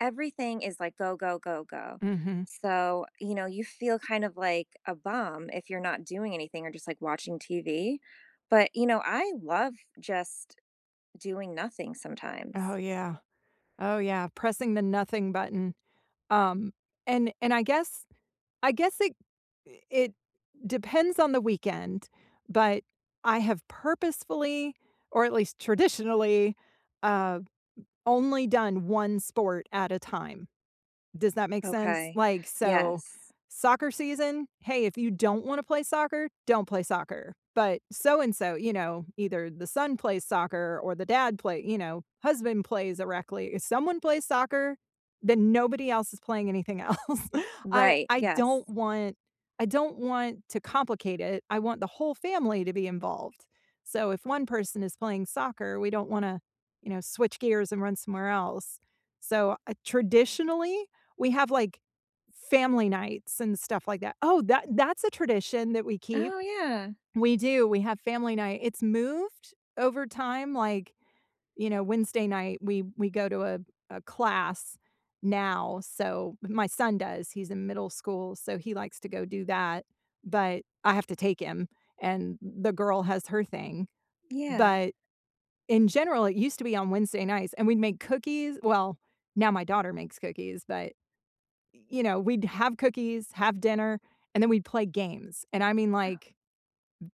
Everything is, like, go, go, go, go. Mhm. So, you know, you feel kind of, like, a bum, if you're not doing anything, or just, like, watching TV. But, you know, I love just doing nothing Oh, sometimes. yeah. Oh, yeah, pressing the nothing button. Um, and and I guess I guess it i it depends on the weekend, but I have purposefully, or at least traditionally, uh, o only done 1 sport at a time. Does that make sense? Okay. Like, so, Yes. soccer season? "Hey, if you don't wanna play soccer, don't play soccer." But, so and so, you know, either the son plays soccer, or the dad play you know, husband plays a rec league if someone plays soccer, then nobody else is playing anything else. I Right, I yes. don't want I don't want to complicate it. I want the whole family to be involved. So, if 1 person is playing soccer, we don't wanna, you know, switch gears and run somewhere else. So, uh, traditionally, we have, like, family nights, and stuff like that oh, that that's a tradition that we keep. Oh, yeah. We do, we have family night. It's moved over time, like, you know, Wednesday night- we we go to a a class now, so my son does, he's in middle school, so he likes to go do that, but I have to take him, and th the girl has her thing- Yeah. but, in general, it used to be on Wednesday nights, and we'd make cookies well, now my daughter makes cookies, but, y you know, we'd have cookies, have dinner, and then we'd play games, and I mean, Oh like,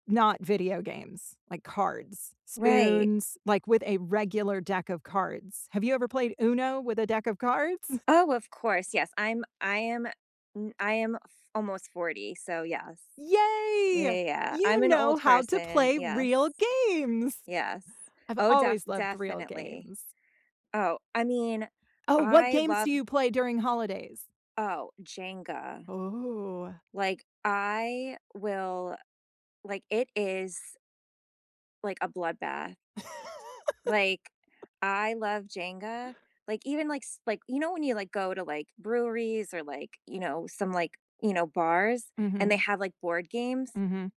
n not video games. Like, cards, Right. spoons, like, with a regular deck of cards. Have you ever played Uno with a deck of cards? Oh, of course, yes, I'm I am, n I am f almost 40, so yes. Yeah, Yay! yeah, yeah. I'm You an know old how to person. play real Yes. games. Yes. I've Oh, def always loved real definitely. games. Oh, I mean, Oh, what I games do love you play during holidays? Oh, Jenga. Ooh. Like, I will like, it is like, a bloodbath. Like, I love Jenga. Like, even, like, s like, you know, when you, like, go to, like, breweries, or, like, you know, some, like, you know, bars, and Mhm. they have, like, board games? Mhm.